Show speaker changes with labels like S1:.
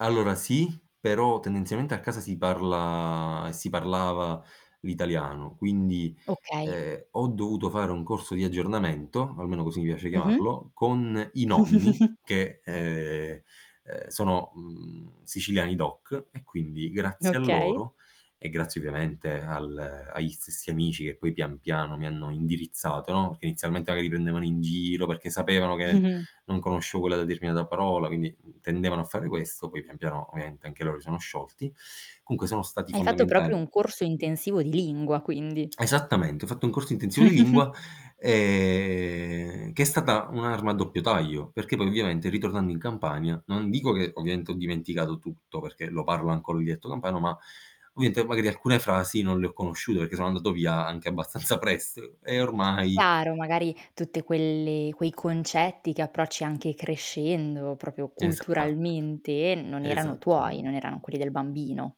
S1: Allora sì, però tendenzialmente a casa si parla si parlava l'italiano. Quindi,
S2: Okay.
S1: ehm, ho dovuto fare un corso di aggiornamento, almeno così mi piace
S2: Mh-mh.
S1: chiamarlo, con i nonni che, uhm, uhm, sono, mhmm, siciliani DOC, e quindi grazie a
S2: Okay.
S1: loro e grazie ovviamente al agli stessi amici che poi pian piano mi hanno indirizzato, no perché inizialmente magari prendevano in giro perché sapevano
S2: Mh. Mh.
S1: che
S2: Mh.
S1: non conoscevo quella determinata parola, quindi tendevano a fare questo. Poi, pian piano ovviamente anche loro si sono sciolti comunque, sono stati
S2: Hai fatto proprio
S1: fondamentali.
S2: un corso intensivo di lingua, quindi.
S1: Esattamente, ho fatto un corso intensivo di lingua, ehm, che è stata un'arma a doppio taglio, perché poi ovviamente ritornando in Campania, non dico che ovviamente ho dimenticato tutto, perché lo parlo ancora il dialetto campano, ma ovviamente magari alcune frasi non le ho conosciute perché sono andato via anche abbastanza presto, e ormai
S2: Chiaro, magari tutte quelle quei concetti che approcci anche crescendo proprio
S1: Esatto.
S2: culturalmente non erano tuoi,
S1: Esattamen
S2: non erano quelli del bambino.